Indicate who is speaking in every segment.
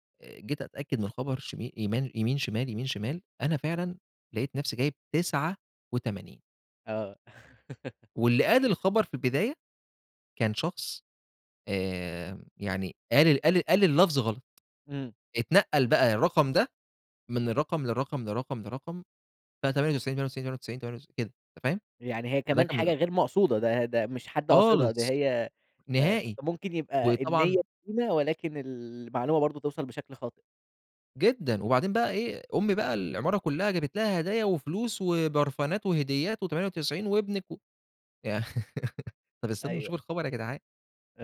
Speaker 1: وجيت أتأكد من خبر شم يمان يمين شمال، يمين شمال، أنا فعلًا لقيت نَفسي جايب 89.
Speaker 2: آه.
Speaker 1: واللي قال الخبر في البداية كان شخص، آآ، يعني قال قال قال اللفظ غلط،
Speaker 2: إمم.
Speaker 1: اتنقَّل بقى الرقم ده من الرقم لرقم، لرقم، لرقم، ف98، 98، 98، 98، كده أنت فاهم؟
Speaker 2: يعني هي
Speaker 1: فده
Speaker 2: كمان
Speaker 1: كان من
Speaker 2: حاجة غير مقصودة، ده ده مش حد قاصدها ده
Speaker 1: خالص،
Speaker 2: هي ف
Speaker 1: نهائي،
Speaker 2: فممكن يبقى النيّة
Speaker 1: وطبعًا
Speaker 2: سليمة ولكن المعلومة برضو توصَل بشكل خاطئ.
Speaker 1: جدًا، وبعدين بقى إيه، أمّي بقى العمارة كلّها جابت لها هدايا وفلوس وبرفانات وهديات و98 وابنك و يع طب استنوا
Speaker 2: أيوه.
Speaker 1: نشوف الخبر يا جدعان،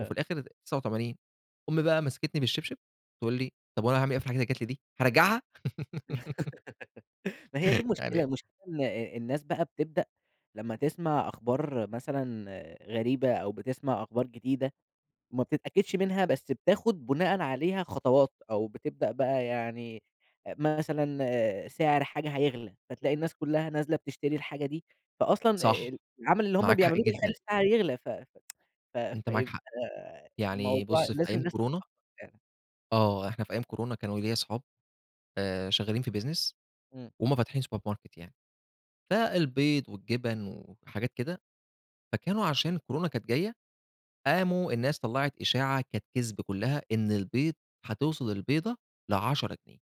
Speaker 1: وفي الآخر 89، أمّي بقى مسكتني بالشبشب تقول لي طب وأنا هاعمل إيه في الحاجات اللي جات لي دي، هارجعها؟
Speaker 2: ما هي دي المشكلة،
Speaker 1: [unintelligible]
Speaker 2: المشكلة إن الناس بقى بتبدأ لمّا تسمع أخبار مثلًا غريبة أو بتسمع أخبار جديدة ما بتتأكدش منها، بس بتاخد بُناءً عليها خطوات أو بتبدأ بقى يعني مثلًا سعر حاجة هيغلى، فتلاقي الناس كلّها نازلة بتشتري الحاجة دي، فأصلًا
Speaker 1: صح،
Speaker 2: العمل اللي هُم
Speaker 1: معاك حق
Speaker 2: بيعملوه بيخلّي
Speaker 1: جدًا.
Speaker 2: السعر يغلى، ف ف
Speaker 1: أنت معاك
Speaker 2: فيبقى
Speaker 1: حق، يعني
Speaker 2: الموضوع
Speaker 1: بُص في
Speaker 2: لازم
Speaker 1: أيام
Speaker 2: الناس
Speaker 1: كورونا
Speaker 2: [unintelligible]
Speaker 1: آه إحنا في أيام كورونا كانوا ليَّ صحاب آآ، شغالين في business
Speaker 2: إمم.
Speaker 1: وهُم فاتحين سوبر ماركت يعني، فالبيض والجبن وحاجات كده، فكانوا عشان كورونا كانت جايّة، قاموا الناس طلّعت إشاعة كانت كِذب كلّها إن البيض هتوصل البيضة ل10 جنيه.